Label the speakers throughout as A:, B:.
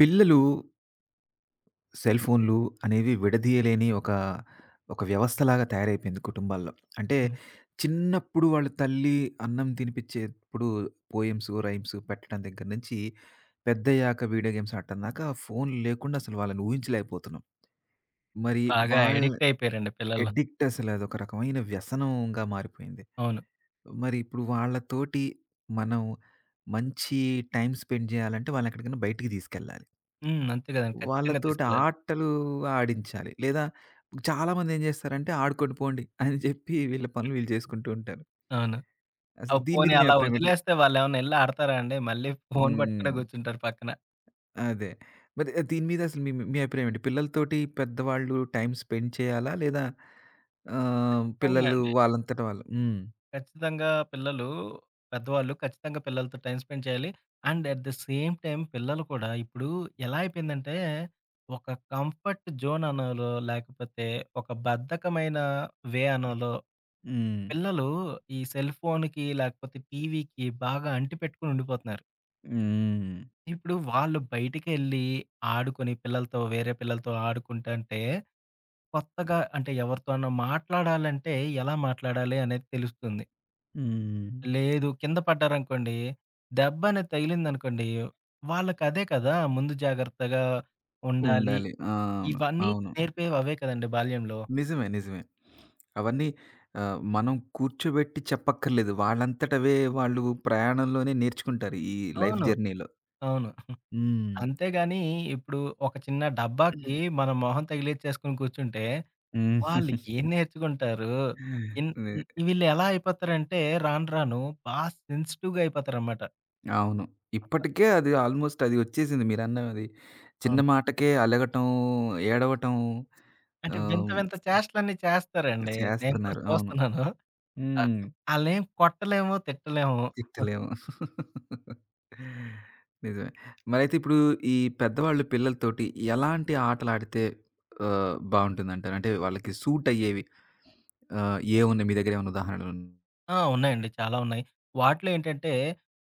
A: పిల్లలు సెల్ ఫోన్లు అనేవి విడదీయలేని ఒక, ఒక వ్యవస్థలాగా తయారైపోయింది కుటుంబాల్లో. అంటే,
B: హ్మ్.
A: చిన్నప్పుడు వాళ్ళ తల్లి అన్నం తినిపించేప్పుడు పోయిమ్సు, రైమ్సు పెట్టడం దగ్గర నుంచి పెద్దయ్యాక వీడియో గేమ్స్ ఆడటం దాకా ఫోన్ లేకుండా అసలు వాళ్ళని ఊహించలేకపోతున్నాం. మరి
B: బాగా
A: వాళ్ళ
B: అడిక్టయిపోయారండి పిల్లలు.
A: అడిక్టసల అదొక రకమైన వ్యసనంగా మారిపోయింది.
B: అవును.
A: మరి ఇప్పుడు వాళ్ళతోటి మనం మంచి టైమ్ స్పెండ్ చేయాలంటే వాళ్ళు ఎక్కడికైనా బయటికి తీసుకెళ్ళాలి.
B: హ్మ్. అంతే, కదండీ ఖచ్చితంగా
A: వాళ్ళతోటి
B: తీసుకెళ్ళాలి.
A: ఆటలు ఆడించాలి. లేదా చాలామందేం చేస్తారంటే ఆడుకోండి పోండి అని చెప్పి వీళ్ళ పనులు వీళ్ళు చేసుకుంటూ ఉంటారు.
B: అవును.
A: అసలు
B: ఆహ్,
A: దీని మీద
B: పోనీ
A: మీ
B: అలా
A: ఆభిప్రాయమెంటి?
B: వదిలేస్తే వాళ్ళేమన్నా ఎళ్లి ఆడతారా అండి. మళ్ళీ ఫోన్ పట్టుకునే
A: హ్మ్.
B: కూర్చుంటారు పక్కన.
A: అదే. మరి ఆహ్, దీని మీద అసలు మీ మీ అభిప్రాయం అండి. పిల్లలతోటి పెద్దవాళ్ళు టైమ్ స్పెండ్ చేయాలా? లేదా? ఆహ్,
B: ఇచ్చితంగా
A: పిల్లలు
B: అండి.
A: వాళ్ళంతట వాళ్ళు. హ్మ్.
B: ఖచ్చితంగా పిల్లలు పెద్దవాళ్ళు ఖచ్చితంగా పిల్లలతో టైమ్ స్పెండ్ చేయాలి. And at the same time పిల్లలు కూడా ఇప్పుడు ఎలా అయిపోయిందంటే, ఒక కంఫర్ట్ జోన్ అనాలో లేకపోతే ఒక బద్ధకమైన వే అనాలో,
A: హ్మ్.
B: పిల్లలు ఈ సెల్‌ఫోన్‌కి లేకపోతే టీవీకి బాగా అంటి పెట్టుకొని ఉండిపోతున్నారు.
A: హ్మ్.
B: ఇప్పుడు వాళ్ళు బయటికెళ్ళి, ఆడుకొని పిల్లలతో, వేరే పిల్లలతో ఆడుకుంటంటే, కొత్తగా అంటే, ఎవరితోనా మాట్లాడాలంటే ఎలా మాట్లాడాలే అనేది తెలుస్తుంది.
A: హ్మ్.
B: లేదు. కింద పడ్డారనుకోండి. దెబ్బనేది తగిలిందనుకోండి. వాళ్ళకదే కదా! ముందు జాగ్రత్తగా ఉండాలి.
A: ఉండాలి. ఆ!
B: ఇవన్నీ
A: అవును.
B: నేర్పేవవే కదండి బాల్యంలో.
A: నిజమే నిజమే. అవన్నీ ఆహ్, మనం కూర్చోబెట్టి చెప్పక్కర్లేదు. వాళ్ళంతటవే వాళ్ళు ప్రయాణంలోనే నేర్చుకుంటారు. ఈ లైఫ్
B: అవును.
A: జర్నీలో.
B: అవును.
A: హ్మ్.
B: అంతేగానీ ఇప్పుడు ఒక చిన్న డబ్బాకి మనం మొహం తగిలిచ్చేసుకొని కూర్చుంటే,
A: హ్మ్.
B: వాళ్ళు ఏం నేర్చుకుంటారు? ఇన్
A: వే
B: వీళ్ళెలా అయిపోతారంటే, రాను రాను బా సెన్సిటివ్‌గా అయిపోతారనమాట.
A: అవును. ఇప్పటికే అది ఆల్‌మోస్ట్ అది ఒచ్చేసింది మీరన్నది. చిన్న
B: అవును.
A: మాటకే అలగటం, ఏడవటం.
B: అంటే, వింత
A: ఆహ్...
B: వింత చేష్ట‌లన్నీ చేస్తారండి. నేను కూడా
A: ...చేస్తన్నారు. అవును.
B: చూస్తున్నాను. ఆ!
A: హ్మ్.
B: అలేం కొట్టలేము తిట్టలేము.
A: తిట్టలేము. నిజమే. మరైతే ఇప్పుడు ఈ పెద్దవాళ్ళు పిల్లలతోటి ఎలాంటి ఆటలుడితే ఆహ్, బావుంటుందంటారు? అంటే, వాళ్ళకి సూటయ్యేవి. ఆహ్, ఏముంది మీ దెగ్గర ఏమన్నా ఉదారణలు?
B: ఆ! ఉన్నాయండి. చాలా ఉన్నాయి. వాటిలో ఏంటంటే,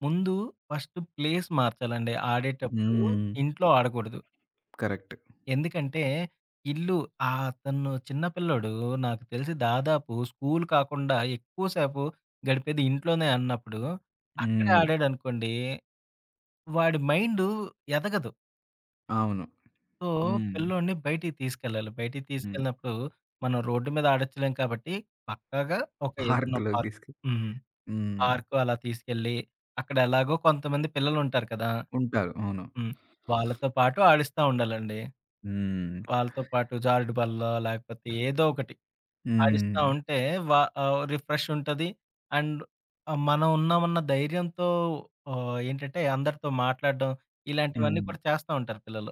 B: ముందు ఫస్ట్ ప్లేస్ మార్చాలండి. ఆడేటప్పుడు
A: హ్మ్.
B: ఇంట్లో ఆడకూడదు.
A: కరెక్ట్.
B: ఎందుకంటే, ఇల్లు ఆ తను చిన్న పిల్లోడు నాకు తెలిసి దాదాపు స్కూలు కాకుండా ఎక్కువసేపు గడిపేది ఇంట్లోనే అన్నప్పుడు. అక్కడే
A: హ్మ్.
B: ఆడాడనుకోండి. వాడి మైండు ఎదగదు.
A: అవును.
B: సో,
A: హ్మ్.
B: పిల్లోడిని బయటికి తీసుకెళ్ళాలి. బయటికి
A: హ్మ్.
B: తీసుకెళ్ళినప్పుడు, మనం రోడ్డు మీద ఆడొచ్చులేం కాబట్టి, పక్కాగా ఒక ఏదన్నా
A: పార్క్‌లోకి
B: పార్క్
A: తీసుకె
B: హ్మ్.
A: హ్మ్.
B: పార్క్ అలా తీసుకెళ్ళి, అక్కడ ఎలాగో కొంతమంది పిల్లలుంటారు కదా!
A: ఉంటారు. అవును.
B: హ్మ్. వాళ్ళతో పాటు ఆడిస్తా ఉండాలండి.
A: హ్మ్.
B: వాళ్ళతో పాటు జారుడు బల్లో లేకపోతే ఏదోకటి. ఆడిస్తా
A: హ్మ్.
B: ఉంటే, వా ఆహ్, రిఫ్రెష్ ఉంటది. అండ్ ఆ! మనం ఉన్నామ ఉన్న ధైర్యంతో ఆహ్, ఏంటంటే, అందరితో మాట్లాడడం, ఇలాంటివన్నీ
A: హ్మ్.
B: కూడా చేస్తా ఉంటారు పిల్లలు.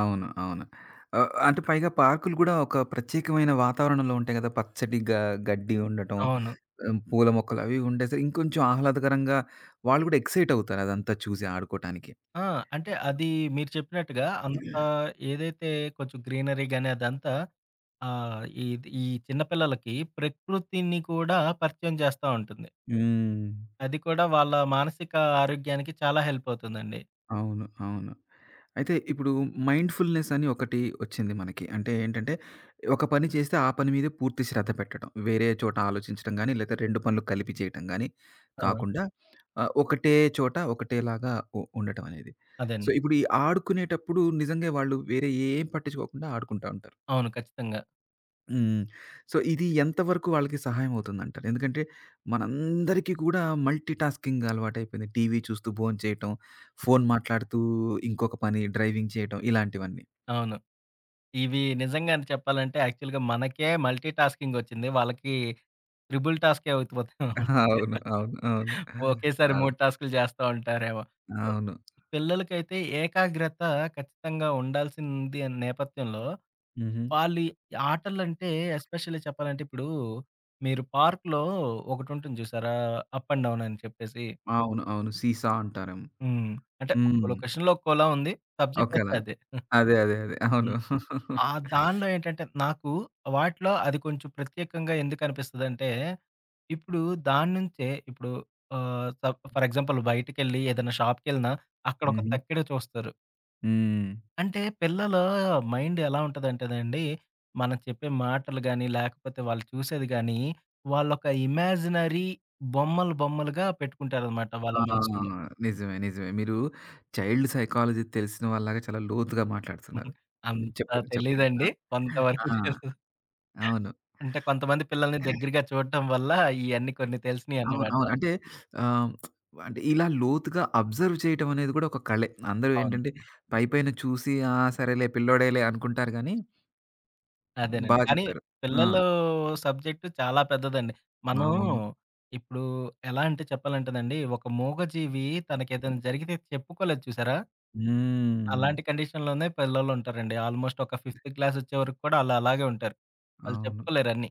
A: అవును. అవును. ఆహ్, అంటే పైగా పార్కులు గూడా ఒక ప్రత్యేకమైన వాతావరణంలో ఉంటాయి కదా! పచ్చడి గ గడ్డి ఉండటం,
B: అవును.
A: ఆ పూల మొక్కలు అవి ఉండేస ఇంకొంచెం ఆహ్లాదకరంగా వాళ్ళు కూడా ఎక్సైట్ అవుతారు, అదంతా చూసి ఆడుకోటానికి.
B: ఆ! అంటే, అది మీరు చెప్పినట్టుగా, అంతా ఏదైతే కొంచెం గ్రీనరీ గాని, అదంతా ఆ! ఇది ఈ చిన్న పిల్లలకి ప్రకృతిని కూడా పరిచయం చేస్తా ఉంటుంది.
A: హ్మ్.
B: అది కూడా వాళ్ళ మానసిక ఆరోగ్యానికి, చాలా హెల్పవుతుందండి.
A: అవును అవును. అయితే, ఇప్పుడు మైండ్‌ఫుల్‌నెసని ఒకటి ఒచ్చింది మనకి. అంటే, ఏంటంటే, ఒక పని చేస్తే ఆ పని మీద పూర్తి శ్రద్ధ పెట్టడం. వేరే చోట ఆలోచించడం గానీ, లేతే రెండు పనులు కలిపి చేయటం గాని
B: ఆ!
A: కాకుండా ఆహ్, ఒకటే చోట, ఒకటేలాగా ఉ ఉండటం అనేది. సో,
B: అదేండి.
A: ఇప్పుడు ఈ ఆడుకునేటప్పుడు, నిజంగా వాళ్ళు వేరే ఏం పట్టించుకోకుండా, ఆడుకుంటా ఉంటారు.
B: అవును. ఖచ్చితంగా.
A: హ్మ్. సో, ఇది ఎంతవరకు వాళ్ళకి సహాయం అవుతుందంటారు. ఎందుకంటే, మనందరికీ కూడా మల్టీటాస్కింగ్ అలవాటైపోయింది. టీవీ చూస్తూ భోంచేయటం. ఫోను మాట్లాడుతూ ఇంకొక పని డ్రైవింగ్ చేయటం ఇలాంటివన్నీ.
B: అవును. ఇవి నిజంగానే చెప్పాలంటే, యాక్చువల్‌గా మనకే మల్టీటాస్కింగొచ్చింది. వాళ్ళకి, త్రిబుల్ టాస్కే [unintelligible]
A: అవును. అవును. అవును.
B: ఒకేసారి
A: అవ్
B: 3 టాస్కులు చేస్తా ఉంటారేమో, ఆహ్
A: అవును.
B: పిల్లలకైతే ఏకాగ్రత ఖచ్చితంగా ఉండాల్సింది నేపథ్యంలో.
A: హుహు.
B: వాళ్ళు ఆటలంటే, ఎస్పెషల్లీ చెప్పాలంటే ఇప్పుడు, మీరు పార్కులో ఒకటుంటుంది చూసారా? అప్ అండ్ డౌన్ అని చెప్పేసి.
A: అవును. అవును. సీ-సా అంటారం
B: హ్మ్. అంటే, ఒక్కో
A: హ్మ్.
B: లొకేషన్‌లో ఒక్కోలా ఉంది. సబ్జెక్ట్ అయితే
A: [unintelligible]
B: అదే.
A: అదే. అదే. అదే. అవును.
B: హ్మ్. ఆ దానిలో ఏంటంటే, నాకు వాటిలో అది కొంచెం ప్రత్యేకంగా ఎందుకునిపిస్తదంటే, ఇప్పుడు దాని నుంచే ఇప్పుడు ఆహ్, స ఫర్ ఎగ్జాంపుల్ బయటికెళ్ళి ఏదైనా షాపుకెళ్ళినా అక్కడొక
A: హుహు.
B: తక్కెడ చూస్తారు.
A: హ్మ్.
B: అంటే, పిల్లలు మైండ్ ఎలా ఉంటదంటేండి, మనం చెప్పే మాటలు గాని, లేకపోతే వాళ్ళు చూసేది గానీ వాళ్ళొక ఇమాజినరీ బొమ్మలు బొమ్మలుగా పెట్టుకుంటారనమాట
A: ఆ!
B: వాళ్ళ మనసుల్లో.
A: నిజమే, నిజమే. మీరు చైల్డ్ సైకాలజీ తెలిసిన వాళ్ళలాగా చాలా లోతుగా మాట్లాడుతున్నారు. హ్మ్.
B: అంత
A: చెప్పండి. చెప్పండి.
B: తెలీదండి.
A: ఆహ్
B: కొంత
A: ఆ!
B: వరకు తెలుసు.
A: అవును.
B: అంటే, కొంతమంది పిల్లల్ని దగ్గరగా చూడటం వల్ల ఇయన్నీ కొన్ని
A: అవును,
B: తెలిసినయన్నమాట.
A: అవును. అంటే ఆహ్, అంటే ఇలా లోతుగా అబ్జర్వ్ చేయటం అనేది గూడా ఒక కళే. అందరూ
B: అవును.
A: ఏంటంటే, పైపైన చూసి ఆ! సరేలే, పిల్లోడేలే అనుకుంటారు గానీ... బా
B: అదేనండి. కానీ
A: చెప్పారు. ఆ!
B: పిల్లలు సబ్జెక్ట్ చాలా పెద్దదండి. మనం,
A: అవును.
B: ఇప్పుడు ఎలా అంటే చెప్పాలంటేనండి, ఒక మూగజీవి తనకేదైనా జరిగితే చెప్పుకోలేదు చూసారా?
A: హ్మ్.
B: అలాంటి కండిషన్‌లోనే పిల్లలుంటారండి. ఆల్మోస్ట్ ఒక ఫిఫ్తు క్లాసొచ్చే వరకు కూడా ఆళ్ళు అలాగే ఉంటారు. వాళ్ళు
A: అవును.
B: చెప్పుకోలేరన్నీ.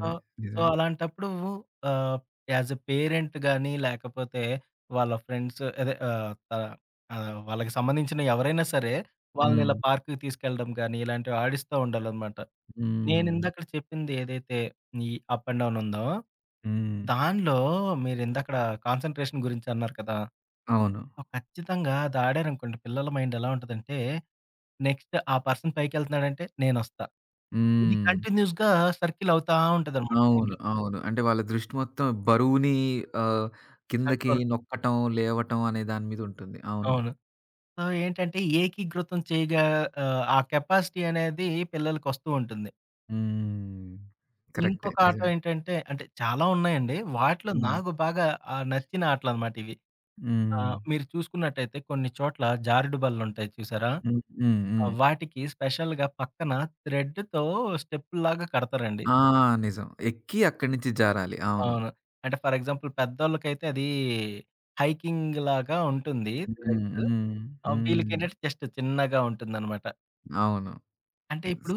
B: ఆ! సో,
A: నిజవే.
B: అలాంటప్పుడు ఆహ్, యాస్ ఏ పేరెంట్ గాని, లేకపోతే వాళ్ళ ఫ్రెండ్సూ అదే ఆహ్, త ఆహ్, వాళ్ళకి సంబంధించిన ఎవరైనా సరే, వాళ్ళని ఇలా
A: హ్మ్.
B: పార్కుకి తీసుకెళ్ళడం గాని, ఇలాంటివి ఆడిస్తా ఉండాలనమాట. నేను
A: హ్మ్.
B: ఇందకడ చెప్పింది ఏదైతే ఈ అప్ అండ్ డౌనుందో?
A: హ్మ్.
B: దానిలో మీరు ఇందకడ, కాన్సంట్రేషన్ గురించి అన్నారు కదా!
A: అవును.
B: ఆ ఖచ్చితంగా అది ఆడారనుకోండి, పిల్లల మైండేలా ఉంటదంటే, నెక్స్ట్ ఆ పర్సన్ పైకెళ్తన్నాడంటే నేనొస్తా. ఇది
A: హ్మ్.
B: కంటిన్యూస్‌గా సర్కిలవుతా ఉంటదనమాట
A: అవును.
B: మైండ్‌లో.
A: అవును. అంటే, వాళ్ళ దృష్టి మొత్తం, బరువుని ఆహ్, కిందకి
B: కంట్రోల్.
A: నొక్కటం, లేవటం అనే దాని మీదుంటుంది. అవును.
B: అవును. సో, ఏంటంటే ఏకీకృతం చేయగా, ఆహ్, ఆ కెపాసిటీ అనేది పిల్లలకోస్తూ ఉంటుంది.
A: హ్మ్. కరెక్టే.
B: ఇంకొక ఆట
A: నిజవే.
B: ఏంటంటే, అంటే, చాలా ఉన్నాయండి. వాటిలో
A: హ్మ్.
B: నాకు బాగా ఆహ్, నచ్చిన ఆటలనమాట ఇవి. ఆ!
A: హ్మ్.
B: మీరు చూసుకున్నట్టయితే కొన్ని చోట్ల, జారుడు బల్లుంటాయి చూసారా?
A: హ్మ్, హ్మ్,
B: ఆ
A: హ్మ్.
B: వాటికి స్పెషల్‌గా పక్కన థ్రెడ్డుతో స్టెప్పుల్లాగా కడతారండి.
A: ఆ! నిజం. ఎక్కి అక్కడ నించి జారాలి. అవును.
B: అవును. అంటే, ఫర్ ఎగ్జాంపుల్ పెద్దోళ్ళకైతే అదీ, హైకింగ్‌లాగా ఉంటుంది.
A: హ్మ్,
B: త్రెడ్.
A: హ్మ్,
B: ఆ!
A: హ్మ్.
B: వీళ్ళకేంటంటే జస్ట్ చిన్నగా ఉంటుందనమాట.
A: అవును.
B: అంటే ఇప్పుడు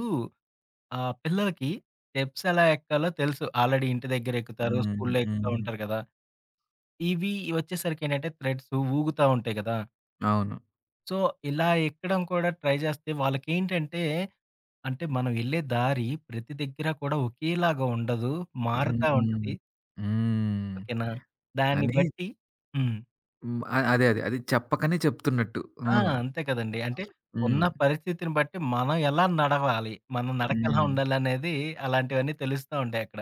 B: ఆహ్, పిల్లలకి స్టెప్స్ ఎలా ఎక్కాలో తెలుసు. ఆల్రెడీ ఇంటి దగ్గరెక్కుతారు.
A: హ్మ్.
B: స్కూల్లో ఎక్కుతా
A: హ్మ్.
B: ఉంటారు గదా! ఇవి ఒచ్చేసరికి ఏంటంటే, థ్రెడ్సు ఊగుతా ఉంటాయి గదా!
A: అవును.
B: సో, ఇలా ఎక్కడం కూడా ట్రై జేస్తే, వాళ్ళకేంటంటే, అంటే మనం వెళ్ళే దారి ప్రతి దగ్గర కూడా ఒకేలాగా ఉండదు.
A: హ్మ్,
B: మారుతా
A: హ్మ్.
B: ఉంటది.
A: హ్మ్.
B: ఓకేనా! దాన్ని
A: అని
B: బట్టి హ్మ్.
A: హ్మ్. అ అదే అదే అది చెప్పకనే చెప్తున్నట్టు.
B: ఆ!
A: అవును.
B: అంతే కదండీ. అంటే ఉన్న
A: హ్మ్.
B: పరిస్థితిని బట్టి, మనం ఎలా నడవాలి? మన నడకెలా
A: హ్మ్.
B: ఉండాలనేది, అలాంటివన్నీ తెలుస్తా ఉంటాయి అక్కడ.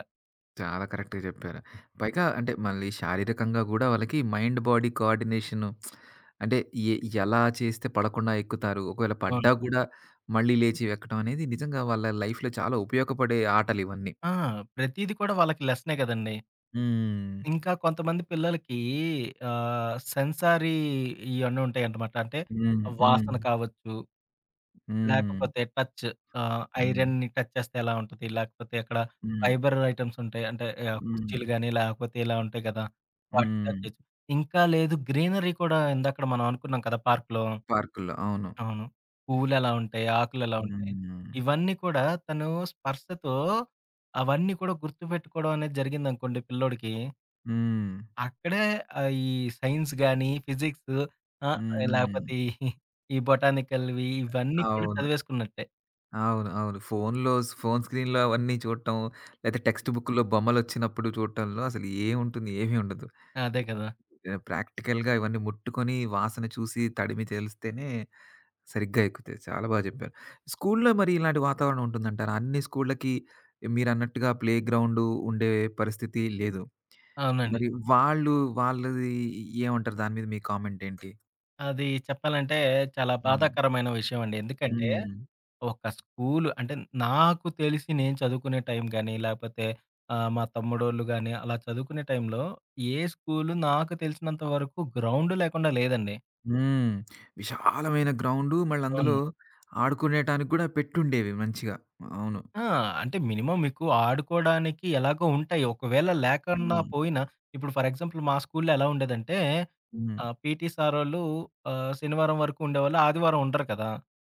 A: చాలా కరెక్ట్‌గా చెప్పారు. పైగా అంటే మళ్ళీ శారీరకంగా గూడా వాళ్ళకి మైండ్ బాడీ కోఆర్డినేషను అంటే, ఎ ఎలా చేస్తే పడకుండా ఎక్కుతారు? ఒకవేళ
B: అవును.
A: పడ్డా గూడా, మళ్ళీ లేచి వెక్కడం అనేది నిజంగా వాళ్ళ లైఫ్‌లో చాలా ఉపయోగపడే ఆటలు ఇవన్నీ.
B: ఆ! ప్రతీది కూడా వాళ్ళకి లెసనే కదండీ.
A: హ్మ్.
B: ఇంకా కొంతమంది పిల్లలకి ఆహ్, సెన్సారీ ఇయన్నీ ఉంటాయంటమాట. అంటే
A: హ్మ్. హ్మ్.
B: వాసన కావచ్చు,
A: హ్మ్.
B: లేకపోతే టచ్ ఆహ్,
A: హ్మ్.
B: ఐరన్‌ని టచ్ చేస్తే ఎలా ఉంటది? లేకపోతే ఎక్కడ
A: హ్మ్.
B: ఫైబర్ ఐటెమ్స్ ఉంటాయి. అంటే ఆహ్, కుర్చీలు
A: హ్మ్.
B: గానీ, లేకపోతే ఇలా ఉంటాయి గదా! వాటిని టచ్
A: హ్మ్.
B: చేస్తూ, ఇంకా లేదు గ్రీనరీ కూడా ఎందాక్కడ మనం అనుకున్నాం కదా పార్కులో,
A: పార్కుల్లో అవును.
B: అవును. పువ్వులేలా ఉంటాయి, ఆకులేలా ఉంటాయి.
A: హ్మ్.
B: ఇవన్నీ కూడా తను స్పర్శతో అవన్నీ కూడా గుర్తుపెట్టుకోవడం అనేది జరిగిందనుకోండి పిల్లోడికి
A: హ్మ్.
B: అక్కడె ఆహ్, ఈ సైన్స్‌ గానీ, ఫిజిక్సు ఆహ్,
A: హుహు.
B: లేకపోతే ఈ బొటానికల్‌వి ఇవన్నీ కూడా
A: అవును.
B: చదివేసుకున్నట్టే.
A: అవును. అవును. ఫోను‌లో స్ ఫోను స్క్రీన్‌లో అవన్నీ చూడటం లేతే టెక్స్ట్‌బుక్‌లో బొమ్మలు ఒచ్చినప్పుడు చూడటంలో అసలు ఏమంటుంది ఏమి ఉండదు.
B: అదే కదా!
A: ఆహ్, ప్రాక్టికల్‌గా ఇవన్నీ ముట్టుకొని, వాసన చూసి, తడిమి, తెలిస్తేనే సరిగ్గా ఎక్కుతాయి చాలా బాగా చెప్పారు. స్కూల్లో మరి ఇలాంటి వాతావరణం ఉంటుందంటారా? అన్ని స్కూల్లకి మీరన్నట్టుగా ప్లేగ్రౌండు ఉండే పరిస్థితి లేదు.
B: అవునండి.
A: మరి వాళ్ళు, వాళ్ళది ఏ ఏమంటారు? దాని మీద మీ కామెంటేంటి?
B: అది చెప్పాలంటే, చాలా
A: అవును.
B: బాధాకరమైన విషయం అండి. ఎందుకంటే,
A: హ్మ్.
B: ఒక స్కూల్ అంటే, నాకు తెలిసి నేను చదువుకునే టైం గానీ లేకపోతే ఆహ్, మా తమ్ముడోళ్ళు గాని అలా చదువుకునే టైంలో ఏ స్కూలు నాకు తెలిసినంత వరకు గ్రౌండ్ లేకుండా లేదండి.
A: హ్మ్. విశాలమైన గ్రౌండ్ మళ్ళ అందులో
B: అవును.
A: ఆడుకునేటానికి కూడా పెట్టుండేవి మంచిగా అవును.
B: ఆ! అంటే, మినిమం మీకు ఆడుకోవడానికి ఎలాగో ఉంటాయి. ఒకవేళ లేకన్న
A: హ్మ్.
B: పోయినా ఇప్పుడు ఫర్ ఎగ్జాంపుల్ మా స్కూల్లో ఎలా ఉండేదంటే
A: హ్మ్.
B: ఆ! పీటీ సారోళ్ళు ఆహ్, శనివారం వరకు ఉండేవాళ్ళు ఆదివారం ఉండరు కదా!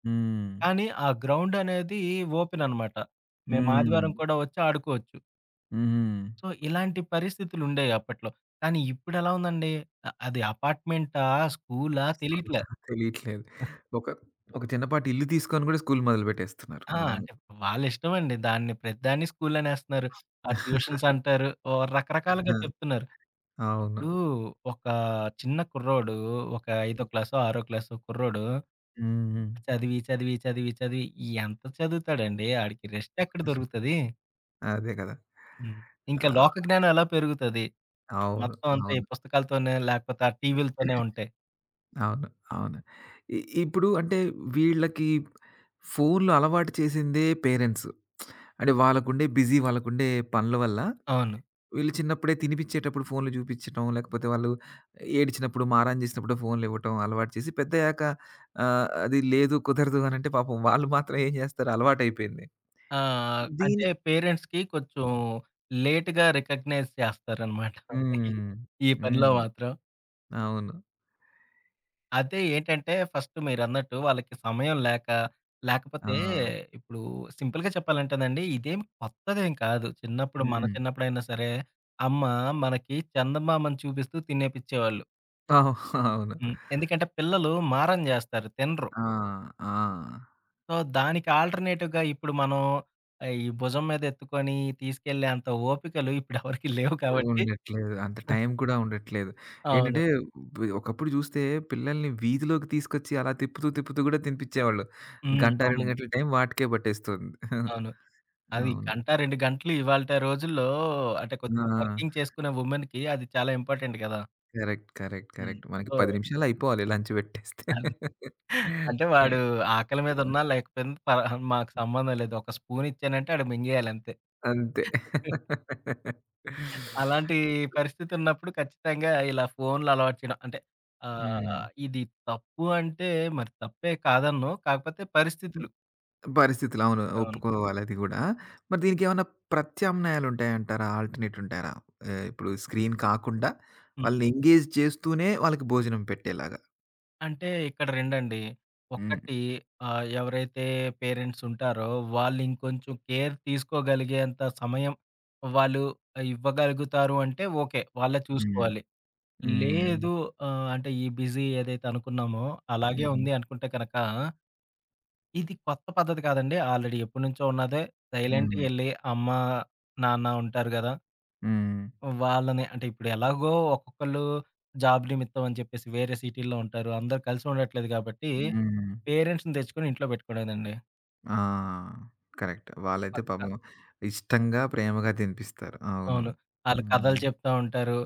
A: హ్మ్.
B: కానీ ఆ గ్రౌండ్ అనేది ఓపెన్ అనమాట. మేము ఆదివారం
A: హ్మ్.
B: కూడా వచ్చి ఆడుకోవచ్చు.
A: హ్మ్.
B: సో ఇలాంటి పరిస్థితులు ఉండేయి అప్పట్లో. కానీ ఇప్పుడ ఎలా ఉందండి? ఆ అది అపార్ట్‌మెంటా! స్కూలా! తెలియట్లా.
A: తెలియట్లేదు. ఒక ఒక చిన్నపాటిల్లు తీసుకొని కూడా స్కూలు మొదలుపెట్టేస్తున్నారు.
B: ఆ!
A: అవును.
B: అంటే, వాళ్ళ ఇష్టమండి. దాన్ని ప్రతిదాన్ని స్కూలనేస్తన్నారు. ఆ ట్యూషన్స్ అంటారు. ఓహ్! రకరకాలుగా
A: ఆ!
B: చెప్తున్నారు.
A: అవును.
B: ఇప్పుడు ఒకా చిన్న కుర్రోడు ఒక ఐదో క్లాసో, ఆరో క్లాసో కుర్రోడు...
A: హ్మ్, హ్మ్.
B: చదివి చదివి చదివి చదివి ఎంత చదువుతాడండి ఆడికి రెస్ట్ ఎక్కడ దొరుకుతది?
A: అదే గదా!
B: హ్మ్.
A: ఆ!
B: ఇంకా లోక‌జ్ఞానం ఎలా పెరుగుతది?
A: అవును.
B: మొత్తం అంతా ఈ
A: అవును.
B: పుస్తకాలతోనే లేపోతే ఆ టీవీలతోనే ఉంటే.
A: అవును. అవును. ఇ ఇప్పుడు అంటే, వీళ్ళకి ఫోన్లు అలవాటు చేసిందే పేరెంట్స్. అంటే వాళ్ళకుండే బిజీ వాళ్ళకుండే పనుల వల్ల.
B: అవును.
A: వీళ్ళు చిన్నప్పుడే తినిపిచ్చేటప్పుడు ఫోన్లు చూపిచ్చటం లేకపోతే వాళ్ళు ఏడ్చినప్పుడు మారాం చేసినప్పుడు ఫోన్లు ఇవ్వటం అలవాటు చేసి పెద్దయ్యాక ఆహ్, అది లేదు కుదరదు అనంటే పాపం వాళ్ళు మాత్రం ఏం చేస్తారు అలవాటైపోయింది.
B: ఆ! అంటే,
A: దీని
B: పేరెంట్స్‌కి కొంచెం లేట్‌గా రికగ్నైజ్ చేస్తారనమాట. ఈ
A: హ్మ్,
B: ఈ పనిలో
A: హ్మ్.
B: మాత్రం.
A: అవును.
B: అదే ఏంటంటే, ఫస్ట్ మీరన్నట్టు వాళ్ళకి సమయం లేక, లేకపోతే
A: ఆ!
B: ఇప్పుడు సింపుల్‌గా చెప్పాలంటేనండి ఇదేం కొత్తదేం కాదు. చిన్నప్పుడు మన
A: హ్మ్.
B: చిన్నప్పుడైనా సరే అమ్మ మనకి చందమామని చూపిస్తూ తినేపిచ్చేవాళ్ళు.
A: ఓహ్! అవును.
B: హ్మ్. ఎందుకంటే పిల్లలు మారం జేస్తారు, తినరు.
A: ఆ! ఆ!
B: సో, దానికి ఆల్టర్నేటివ్‌గా ఇప్పుడు మనం ఈ భుజం మీద ఎత్తుకొని తీసుకెళ్ళేంత ఓపికలు ఇప్పుడెవరికీ లేవు కాబట్టి
A: ఉండట్లేదు. అంత టైం కూడా ఉండట్లేదు.
B: అవును.
A: ఏంటంటే ఒకప్పుడు చూస్తే పిల్లల్ని వీధిలోకి తీసుకొచ్చి అలా తిప్పుతూ, తిప్పుతూ కూడా తినిపిచ్చేవాళ్ళు.
B: హ్మ్.
A: గంట, 2
B: అవునండి.
A: గంటల టైం వాటికే పట్టేస్తుంది.
B: అవును. అది
A: అవును.
B: గంట, 2 గంటలు ఇవాలటి రోజుల్లో అంటే,
A: ఆ!
B: కొద్దిగా వర్కింగ్ చేసుకునే వుమెన్‌కి అది చాలా ఇంపార్టెంట్ గదా!
A: Correct, correct,
B: hmm.
A: కరెక్ట్. మనకి
B: సో
A: 10 నిమిషాల్లో అయిపోవాలి లంచ్ పెట్టేస్తే.
B: అంటే,
A: ఆ!
B: వాడు ఆకలి మీద ఉన్నా లేకపోయింది పర మాకు సంబంధం లేదు. ఒక స్పూన్ ఇచ్చానంటే ఆడు మింగేయాలంతే.
A: అంతే.
B: అలాంటి పరిస్థితున్నప్పుడు ఖచ్చితంగా ఇలా ఫోన్లలవాటు చేయడం అంటే ఆహ్,
A: హ్మ్.
B: ఇది తప్పు అంటే మరి తప్పే కాదనను కాకపోతే
A: హ్మ్.
B: పరిస్థితులు.
A: పరిస్థితులు అవును.
B: అవును.
A: ఒప్పుకోవాలది గూడా. మరి దీనికేమన్నా ప్రత్యామ్నాయాలు ఉంటాయంటారా? ఆల్టర్నేట్ ఉంటారా? ఆహ్, ఇప్పుడు స్క్రీన్ కాకుండా,
B: హ్మ్.
A: వాళ్ళని ఎంగేజ్ చేస్తూనే వాళ్ళకి భోజనం పెట్టేలాగా.
B: అంటే, ఇక్కడ రెండండి.
A: హ్మ్.
B: 1 ఆహ్, ఎవరైతే పేరెంట్సూంటారో, వాళ్ళు ఇంకొంచెం కేర్ తీసుకోగలిగేంత సమయం, వాళ్ళు ఇవ్వగలుగుతారు అంటే, ఓకే! వాళ్ళే
A: హ్మ్.
B: చూసుకోవాలి.
A: హ్మ్. హ్మ్.
B: లేదు. ఆహ్, అంటే, ఈ బిజీ ఏదైతే అనుకున్నామో, అలాగే
A: హుహు.
B: ఉంది అనుకుంటే కనక, ఇది కొత్త పద్ధతి కాదండి, ఆల్రెడీ ఎప్పటినుంచో ఉన్నదే, సైలెంట్‌గా
A: హ్మ్.
B: ఎళ్ళి అమ్మ, నాన్న ఉంటారు గదా!
A: హ్మ్.
B: వాళ్ళని అంటే, ఇప్పుడు ఎలాగో ఒక్కొక్కళ్ళు, జాబ్ నిమిత్తం అని చెప్పేసి, వేరే సిటీల్లో ఉంటారు. అందరూ కలిసుండట్లేదు కాబట్టి,
A: హ్మ్.
B: పేరెంట్స్‌ని తెచ్చుకొని ఇంట్లో పెట్టుకోలేదండి.
A: ఆ! కరెక్ట్. వాళ్ళైతే
B: పక్క.
A: పాపం ఇష్టంగా, ప్రేమగా తినిపిస్తారు. అవును.
B: అవును. ఆళ్ళు కథలు
A: హ్మ్.
B: చెప్తా ఉంటారు.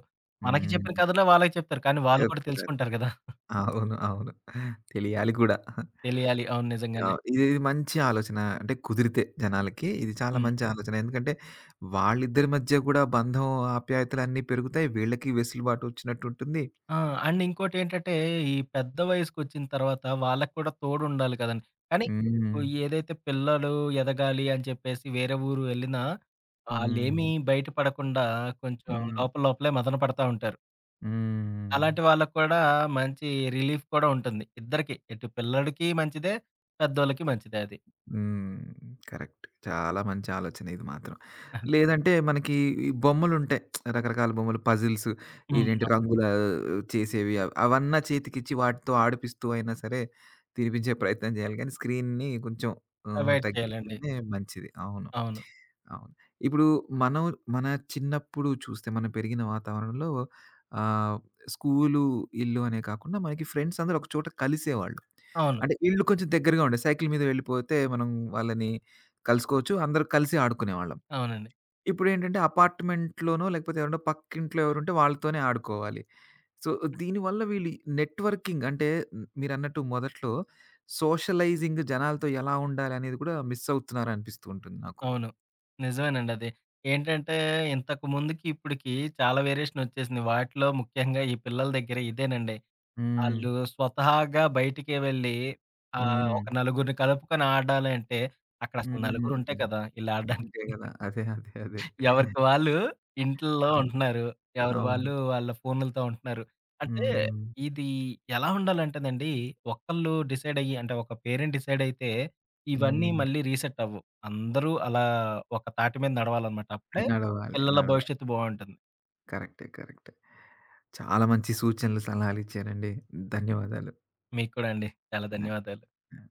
B: మనకి చెప్పిన
A: హ్మ్.
B: కథలే వాళ్ళకి చెప్తారు. కానీ, వాళ్ళు కూడా
A: చెప్తారు.
B: తెలుసుకుంటారు కదా!
A: అవును. అవును. తెలియాలి కూడా.
B: తెలియాలి. అవును.
A: ఆ!
B: నిజంగానే.
A: ఇది ఇది మంచి ఆలోచన. అంటే, కుదిరితే జనాలకి, ఇది చాలా
B: హ్మ్.
A: మంచి ఆలోచన. ఎందుకంటే, వాళ్ళిద్దరి మధ్య కూడా బంధం ఆప్యాయతలన్నీ పెరుగుతాయి. వీళ్ళకి వెసులుబాటు ఒచ్చినట్టుంటుంది.
B: ఆ! అండ్ ఇంకోటి ఏంటంటే, ఈ పెద్ద వయసుకొచ్చిన తర్వాత, వాళ్ళకి కూడా తోడుండాలి కదండీ. కానీ,
A: హ్మ్.
B: ఏదైతే పిల్లలు ఎదగాలి అని చెప్పేసి, వేరే ఊరు ఎళ్ళినా? వాళ్ళేమీ
A: హ్మ్.
B: బయట పడకుండా కొంచెం
A: హ్మ్.
B: లోపల, లోపలే మదన పడతా ఉంటారు. అలాంటి
A: హ్మ్.
B: వాళ్ళకి కూడా, మంచి రిలీఫ్ కూడా ఉంటుంది. ఇద్దరికి, ఇటు పిల్లడోకి మంచిదే. పెద్దోళ్ళకి మంచిదె అది.
A: హ్మ్. కరెక్ట్. చాలా మంచి ఆలోచనిది మాత్రం. లేదంటే మనకి ఈ బొమ్మలు ఉంటాయి. రకరకాల బొమ్మలు, పజిల్సు.
B: హ్మ్.
A: ఇదెంటి
B: అవును.
A: రంగులా చేసేవి, అవ అవన్నా చేతికిచ్చి, వాటితో ఆడిపిస్తూ అయినా సరే, తినిపించే ప్రయత్నం జేయాలి గాని, స్క్రీన్‌ని కొంచెం ఆహ్,
B: అవాయిడ్ చేయాలండి.
A: తగ్గిస్తేనే మంచిది. అవును.
B: అవును.
A: అవును. ఇప్పుడు మనం మన, చిన్నప్పుడు చూస్తే మనం పెరిగిన వాతావరణంలో ఆహ్, స్కూలు, ఇల్లు అనే కాకుండా మనకి ఫ్రెండ్సందరూ ఒక చోట కలిసేవాళ్ళు.
B: అవును.
A: అంటే ఇళ్ళు కొంచెం దగ్గరగా ఉండే. సైకిల్ మీద వెళ్ళిపోతే, మనం వాళ్ళని కలుసుకోవచ్చు, అందరూ కలిసి ఆడుకునేవాళ్ళం.
B: అవునండి.
A: ఇప్పుడేంటంటే అపార్ట్‌మెంట్‌లోనో లేకపోతే ఏవరన్న పక్కింట్లో ఎవరుంటే, వాళ్ళతోనే ఆడుకోవాలి. సో, దీనివల్ల వీళ్ళు నెట్‌వర్కింగ్ అంటే, మీరన్నట్టు మొదట్లో సోషలైజింగ్ జనాలతో ఎలా ఉండాలనేది కూడా, మిస్ అవుతున్నారానిపిస్తూంటుంది నాకు.
B: అవును. నిజవేనండది. ఏంటంటే ఇంతకుముందుకిప్పుడికి చాలా వేరియేషనోచ్చేసింది. వాటిలో ముఖ్యంగా, ఈ పిల్లల దెగ్గర ఇదేనండి. ఆళ్ళు
A: హ్మ్.
B: స్వతహాగా బయటికే వెళ్ళి. ఆహ్, ఒక
A: హుహు.
B: నలుగురిని కలుపుకొని, ఆడాలంటే అక్కడసలు నలుగురుంటే
A: హుహు.
B: కదా! ఇళ్ళడ్డానికి.
A: అంతే గదా! అదే! అదే! అదే!
B: ఎవరికి వాళ్ళు, ఇంటుల్లో
A: ఆ!
B: ఉంటన్నారు. ఎవరి
A: అవును.
B: వాళ్ళు, వాళ్ళ ఫోనులతో ఉంటున్నారు. అంటే,
A: హుహు.
B: ఇది ఎలా ఉండాలంటేనండి? ఒకళ్ళు డిసైడయ్యి, అంటే ఒక పేరెంట్ డిసైడయితే? ఇవన్నీ
A: హ్మ్.
B: మళ్ళీ రీసెట్ అవ్వువు. అందరూ అలా, ఒక తాటి మీద నడవాలనమాట. అప్పుడే
A: నడవాలి.
B: పిల్లల
A: నడవాలి.
B: భవిష్యత్తు బావుంటుంది.
A: కరెక్టే. కరెక్ట్. చాలా మంచి సూచనలు, సలహాలిచ్చారండి. ధన్యవాదాలు.
B: మీకు కూడండి. చాలా
A: ఆ!
B: ధన్యవాదాలు.
A: ఆ!